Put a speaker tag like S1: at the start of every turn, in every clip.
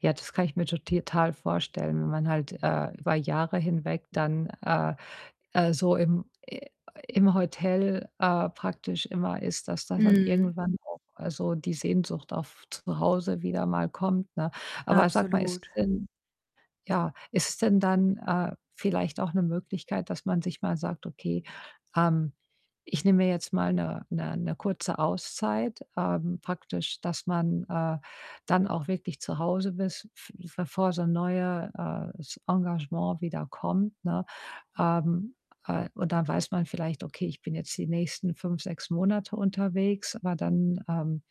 S1: Ja, das kann ich mir toti total vorstellen, wenn man halt, äh, über Jahre hinweg dann, äh, äh, so im i im Hotel, äh, praktisch immer ist, dass da dann
S2: Mhm.
S1: irgendwann auch, also, die Sehnsucht auf zu Hause wieder mal kommt, ne? Aber sag mal, ist
S2: Absolut.
S1: es denn ja, ist es denn dann, äh, vielleicht auch 'ne Möglichkeit, dass man sich mal sagt: „Okay, ähm, ich nehme mir jetzt mal 'ne 'ne 'ne kurze Auszeit“, ähm, praktisch, dass man, äh, dann auch wirklich zu Hause bist, f bevor so 'n neue, äh, s Engagement wieder kommt, ne? Ähm, äh, und dann weiß man vielleicht: „Okay, ich bin jetzt die nächsten 5, 6 Monate unterwegs, aber dann, ähm,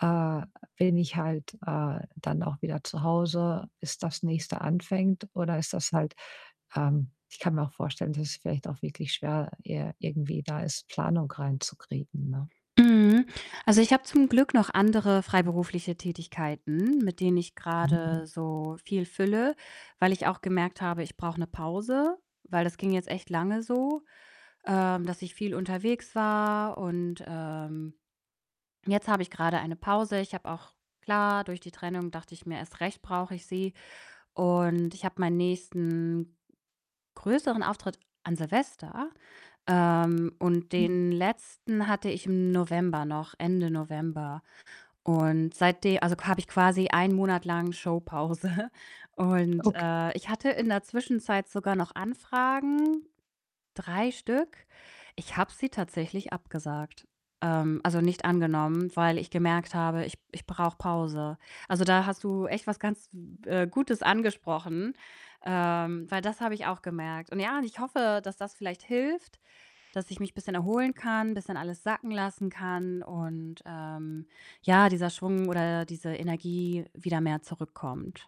S1: äh, bin ich halt, äh, dann auch wieder zu Hause, bis das Nächste anfängt.“ Oder ist das halt ähm, ich kann mir auch vorstellen, dass es vielleicht auch wirklich schwer ir irgendwie da ist, Planung reinzukriegen, ne?
S2: Mhm. Also, ich habe zum Glück noch andere freiberufliche Tätigkeiten, mit denen ich
S1: Mhm.
S2: grade so viel fülle, weil ich auch gemerkt habe: „Ich brauche 'ne Pause“, weil das ging jetzt echt lange so, ähm, dass ich viel unterwegs war und, ähm, jetzt habe ich grade eine Pause. Ich habe auch klar, durch die Trennung dachte ich mir: „Erst recht brauche ich sie“ und ich habe meinen nächsten größeren Auftritt an Silvester, ähm, und den letzten hatte ich im November noch, Ende November. Und seitde also, habe ich quasi 1 Monat lang Showpause und,
S1: Okay.
S2: äh, ich hatte in der Zwischenzeit sogar noch Anfragen, 3 Stück. Ich habe sie tatsächlich abgesagt, ähm also, nicht angenommen, weil ich gemerkt habe: „Ich ich brauche Pause.“ Also, da hast du echt was ganz, äh, Gutes angesprochen, ähm, weil das habe ich auch gemerkt. Und ja, ich hoffe, dass das vielleicht hilft, dass ich mich bisschen erholen kann, bisschen alles sacken lassen kann und, ähm, ja, dieser Schwung oder diese Energie wieder mehr zurückkommt.